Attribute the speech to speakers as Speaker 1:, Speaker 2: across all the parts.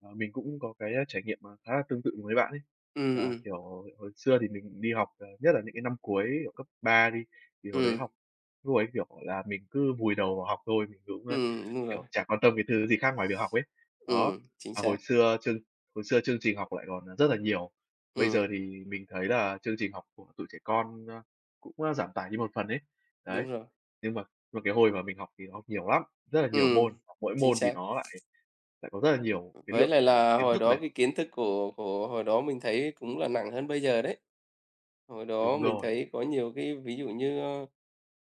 Speaker 1: Ờ, mình cũng có cái trải nghiệm, à, khá là tương tự với bạn ấy,
Speaker 2: Ừm,
Speaker 1: là,
Speaker 2: ừm.
Speaker 1: kiểu, hồi xưa thì mình đi học, ờ, nhất là những cái năm cuối, kiểu, cấp 3 đi, thì hồi đấy
Speaker 2: Ừm.
Speaker 1: học, lúc ấy, kiểu là, mình cứ vùi đầu vào học thôi, mình cũng, ơ,
Speaker 2: Ừm, đúng rồi.
Speaker 1: kiểu, chả quan tâm cái thứ gì khác ngoài việc học ấy. Đó.
Speaker 2: Ừm, chính
Speaker 1: Và hồi
Speaker 2: xác.
Speaker 1: xưa chương hồi xưa chương trình học lại còn, à, rất là nhiều. Bây giờ
Speaker 2: Ừm.
Speaker 1: thì mình thấy là chương trình học của tụi trẻ con, ơ, cũng, ơ, giảm tải như một phần ấy. Đấy.
Speaker 2: Đúng rồi.
Speaker 1: Nhưng mà- mà cái hồi mà mình học thì nó học nhiều lắm, rất là nhiều môn,
Speaker 2: Ừm,
Speaker 1: học mỗi
Speaker 2: chính
Speaker 1: môn thì
Speaker 2: xác.
Speaker 1: nó lại lại có rất là nhiều cái
Speaker 2: Với
Speaker 1: lượng,
Speaker 2: lại
Speaker 1: ờ,
Speaker 2: là
Speaker 1: kiến
Speaker 2: hồi
Speaker 1: thức
Speaker 2: đó
Speaker 1: này.
Speaker 2: vì kiến thức của của hồi đó mình thấy cũng là nặng hơn bây giờ đấy. Hồi đó
Speaker 1: Đúng
Speaker 2: mình
Speaker 1: rồi.
Speaker 2: thấy có nhiều cái ví dụ như, ơ,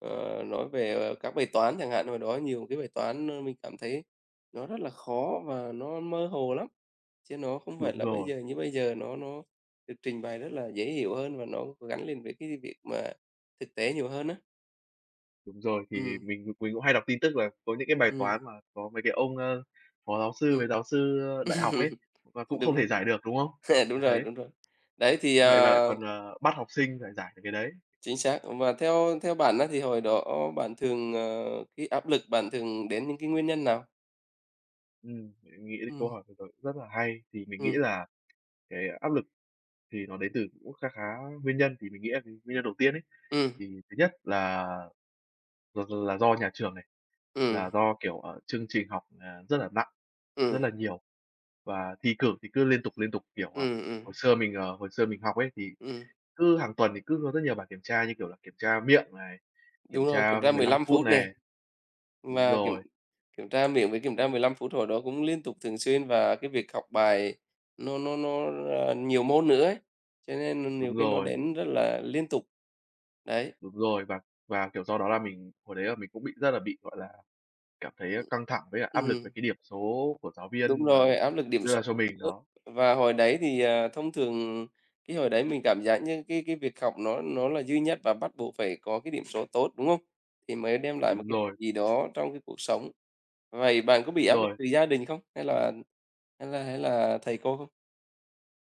Speaker 2: ờ, nói về, ờ, các bài toán chẳng hạn, hồi đó nhiều cái bài toán, ơ, mình cảm thấy nó rất là khó và nó mơ hồ lắm, chứ nó không phải
Speaker 1: Đúng
Speaker 2: là bây
Speaker 1: rồi.
Speaker 2: giờ, như bây giờ nó nó được trình bày rất là dễ hiểu hơn và nó gắn liền với cái việc mà thực tế nhiều hơn á.
Speaker 1: Đúng rồi, thì
Speaker 2: Ừm.
Speaker 1: mình mình cũng hay đọc tin tức là có những cái bài
Speaker 2: Ừm.
Speaker 1: toán mà có mấy cái ông, ơ, phó giáo sư
Speaker 2: Ừm.
Speaker 1: với giáo sư đại học ấy, và cũng
Speaker 2: Đúng
Speaker 1: không thể
Speaker 2: rồi.
Speaker 1: giải được, đúng không
Speaker 2: Đúng rồi,
Speaker 1: Đấy.
Speaker 2: đúng rồi. Đấy thì,
Speaker 1: Vậy mà lại
Speaker 2: ờ
Speaker 1: còn, ờ, bắt học sinh phải giải được cái đấy.
Speaker 2: Chính xác. Và theo theo bạn á, thì hồi đó bạn thường, ờ cái áp lực bạn thường đến những cái nguyên nhân nào?
Speaker 1: Ừm, mình nghĩ đến câu
Speaker 2: Ừm.
Speaker 1: hỏi vừa rồi cũng rất là hay. Thì mình nghĩ
Speaker 2: Ừm.
Speaker 1: là cái áp lực thì nó đến từ cũng kha khá nguyên nhân. Thì mình nghĩ là cái nguyên nhân đầu tiên ấy,
Speaker 2: Ừm.
Speaker 1: thì thứ nhất là là d là do nhà trường này,
Speaker 2: Ừm.
Speaker 1: là do, kiểu, ờ, chương trình học, à, rất là nặng, rất
Speaker 2: Ừm.
Speaker 1: là nhiều, và thi cử thì cứ liên tục, liên tục. Kiểu, ờ,
Speaker 2: Ừm, ừm.
Speaker 1: hồi xưa mình ờ, hồi xưa mình học ấy, thì
Speaker 2: Ừm.
Speaker 1: cứ hàng tuần thì cứ rất nhiều bài kiểm tra, như kiểu là, kiểm tra miệng này,
Speaker 2: Đúng
Speaker 1: kiểm
Speaker 2: rồi, kiểm
Speaker 1: tra
Speaker 2: tra
Speaker 1: mười
Speaker 2: mười
Speaker 1: lăm
Speaker 2: lăm
Speaker 1: phút
Speaker 2: phút
Speaker 1: này.
Speaker 2: nè.
Speaker 1: Đúng
Speaker 2: Và kiểm
Speaker 1: rồi.
Speaker 2: kiểm tra miệng với kiểm tra 15 phút hồi đó cũng liên tục thường xuyên, và cái việc học bài nó nó nó, ờ, nhiều môn nữa ấy, cho nên, ờ, nhiều
Speaker 1: Đúng
Speaker 2: khi nó
Speaker 1: rồi.
Speaker 2: đến rất là liên tục. Đấy.
Speaker 1: Đúng rồi, và và, kiểu, sau đó là mình hồi đấy là mình cũng bị rất là bị, gọi là, cảm thấy
Speaker 2: Ừm,
Speaker 1: căng thẳng với cả áp lực về
Speaker 2: ừm.
Speaker 1: cái điểm số của giáo
Speaker 2: Đúng
Speaker 1: viên mà
Speaker 2: rồi, áp lực điểm
Speaker 1: đưa
Speaker 2: số
Speaker 1: ra cho mình
Speaker 2: nữa.
Speaker 1: nó
Speaker 2: Và hồi đấy thì, ờ, thông thường cái hồi đấy mình cảm giác như cái cái việc học nó nó là duy nhất và bắt buộc phải có cái điểm số tốt, đúng hông? Thì mới đem lại một
Speaker 1: Đúng
Speaker 2: cái điểm
Speaker 1: rồi.
Speaker 2: gì đó trong cái cuộc sống. Vậy bạn có bị
Speaker 1: Đúng
Speaker 2: áp lực
Speaker 1: rồi.
Speaker 2: từ gia đình không? Hay là hay là hay là thầy cô không?